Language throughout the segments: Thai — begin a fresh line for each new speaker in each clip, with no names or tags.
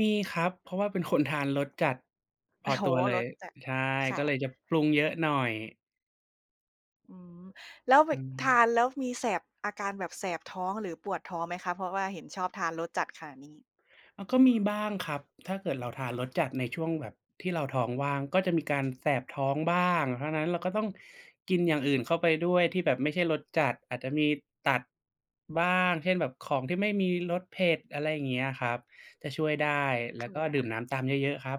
มีครับ เพราะว่าเป็นคนทานรสจัดพ
โอ้
อ
โฮ
ตัวเล
ร
ย
สจัด
ใช่
ค่
ก็
ะ
เลยจะปรุงเยอะหน่อย
อืม แล้วเบ
อื
ะ ท
ม
านแล้วมีแสบ อาการแบบแสบท้องหรือปวดท้องไหมคะ? เพราะว่าเห็นชอบทานรสจัดขนาดนี้
อ้อ ก็มีบ้างครับ ถ้าเกิดเราทานรสจัดในช่วงแบบที่เราท้องว่าง ก็จะมีการแสบท้องบ้าง เพราะฉะนั้น เราก็ต้องกินอย่างอื่นเข้าไปด้วยที่แบบไม่ใช่รสจัด อาจจะมีตัดบ้าง เช่น แบบของที่ไม่มีรสเผ็ด อะไรอย่างเงี้ยครับ จะช่วยได้ แล้ว
ค
ก็ดื่
่ะ
มน้ำตามเยอะ ๆ ครับ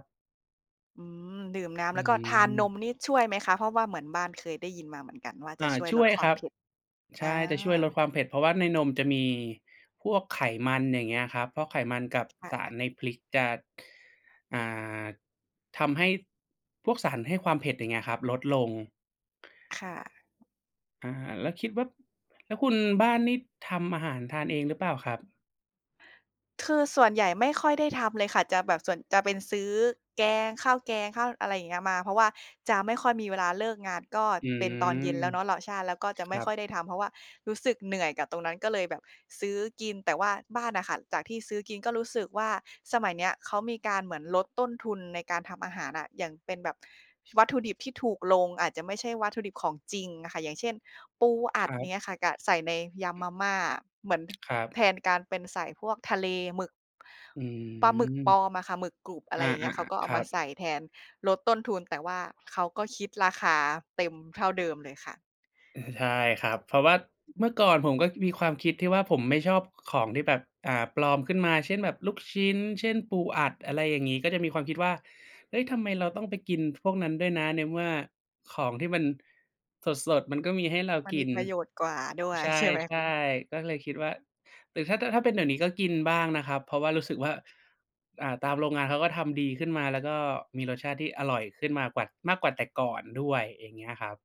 อืม ดื่มน้
อ
ำ
ื
แล้วก็ทานน
ม
มนี่ช่วยไหมคะ? เพราะว่าเหมือนบ้านเคยได้ยินมาเหมือนกันว่า จ
อ
ะ
า
ช่วย
ช
ล
่ว
ด
ย
ควา
ค
ม
รั
เ
บ
ผ็ด
ใ
อ
ช
า
่ จะช่วยลดความเผ็ด เพราะว่าในนมจะมีพวกไขมัน อย่างเงี้ยครับ เพราะไขมันกับ
ค่
สาร
ะ
ในพริกจะ อ่า ทำให้พวกสารให้ความเผ็ด อย่างเงี้ยครับ ลด ลง
ค่ะ
อา แล้วคิดว่า แล้วคุณบ้านนี่ทำอาหารทานเองหรือเปล่าครับ?
คือส่วนใหญ่ไม่ค่อยได้ทำเลยค่ะ จะแบบส่วน จะเป็นซื้อแกง ข้าวแกง ข้าวอะไรอย่างเงี้ยมา เพราะว่าจะไม่ค่อยมีเวลา เลิกงานก็
อื
เป็นตอนเย็
ม
นแล้วเนาะ เหลาะ ใช่ แล้วก็จะ
ค
ไม
ร
่
ั
ค่
บ
อยได้ทำ เพราะว่ารู้สึกเหนื่อยกับตรงนั้น ก็เลยแบบซื้อกิน แต่ว่าบ้านน่ะค่ะ จากที่ซื้อกินก็รู้สึกว่า สมัยเนี้ยเขามีการเหมือนลดต้นทุนในการทำอาหารน่ะ อย่างเป็นแบบวัตถุดิบที่ถูกลง อาจจะไม่ใช่วัตถุดิบของจริงอะค่ะ อย่างเช่น ปูอั
ค
ด
รั
อย่า
บ
งเงี้ยค่ะ กะ ใส่ในยำมาม่า เหมือน ท
ครั
แท
บ
นการเป็นใส่พวกทะเล หมึก
อื
ปลาหมึกป
ม
ลอมอะค่ะ หมึกกรุบ อะไ
อ
ร
า
อย่างเ
ๆ
ง
อ
ี้
ะ
ย เขาก็เอ
ค
า
ร
ม
ั
า
บ
ใส่แทน ลดต้นทุน แต่ว่าเขาก็คิดราคาเต็มเท่าเดิมเลยค่ะ
ใช่ครับ เพราะว่าเมื่อก่อนผมก็มีความคิดที่ว่า ผมไม่ชอบของที่แบบ อ่า ปลอมขึ้นมา เช่นแบบ ลูกชิ้น เช่น ปูอั
อื
ด
อฮ
อะไร
ึ
อย่างงี้ ก็จะมีความคิดว่า เฮ้ย ทำไมเราต้องไปกินพวกนั้นด้วยนะ ในเมื่อของที่มันสด ๆ มันก็มีให้เรา
มัน
ก
มี
ิน
ประโยชน์กว่าด้วย
ใช
ใช่ไหมคะ?
่ ๆ ก็เลยคิดว่า หรือถ้า ถ้าเป็นเดี๋ยวนี้ก็กินบ้างนะครับ เพราะว่ารู้สึกว่า อ่า ตามโรงงานเขาก็ทำดีขึ้นมา แล้วก็มีรสชาติที่อร่อยขึ้นมากวัด มากกว่าแต่ก่อนด้วย อย่างเงี้ยครับ